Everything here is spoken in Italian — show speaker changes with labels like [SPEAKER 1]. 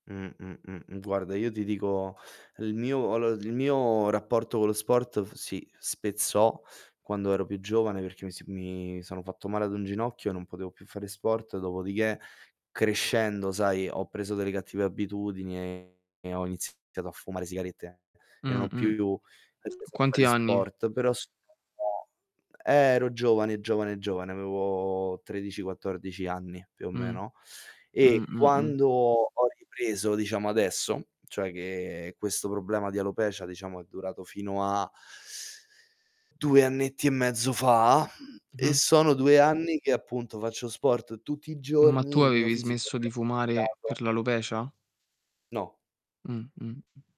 [SPEAKER 1] Mh, mh, mh, mh. Guarda, io ti dico, il mio allo il mio rapporto con lo sport f si spezzò quando ero più giovane, perché mi si mi sono fatto male ad un ginocchio e non potevo più fare sport. Dopodiché, crescendo, sai, ho preso delle cattive abitudini e e ho iniziato a fumare sigarette, e non
[SPEAKER 2] Mh,
[SPEAKER 1] ho più
[SPEAKER 2] mh. A
[SPEAKER 1] ripreso a fare
[SPEAKER 2] quanti anni?
[SPEAKER 1] sport. Però, [unintelligible] eh, ero giovane, giovane, giovane, avevo 13, 14 anni più o
[SPEAKER 2] Mh.
[SPEAKER 1] meno,
[SPEAKER 2] Mh,
[SPEAKER 1] e
[SPEAKER 2] mh, mh.
[SPEAKER 1] quando ho ripreso, diciamo adesso cioè, che questo problema di alopecia, diciamo, è durato fino a 2 annetti e mezzo fa, e
[SPEAKER 2] Mh-mh.
[SPEAKER 1] sono 2 anni che, appunto, faccio sport tutti i
[SPEAKER 2] Ma tu
[SPEAKER 1] giorni, il mio
[SPEAKER 2] avevi
[SPEAKER 1] fisico
[SPEAKER 2] smesso di fumare
[SPEAKER 1] [unintelligible]
[SPEAKER 2] per l'alopecia?
[SPEAKER 1] No.
[SPEAKER 2] Mh, mh, mh.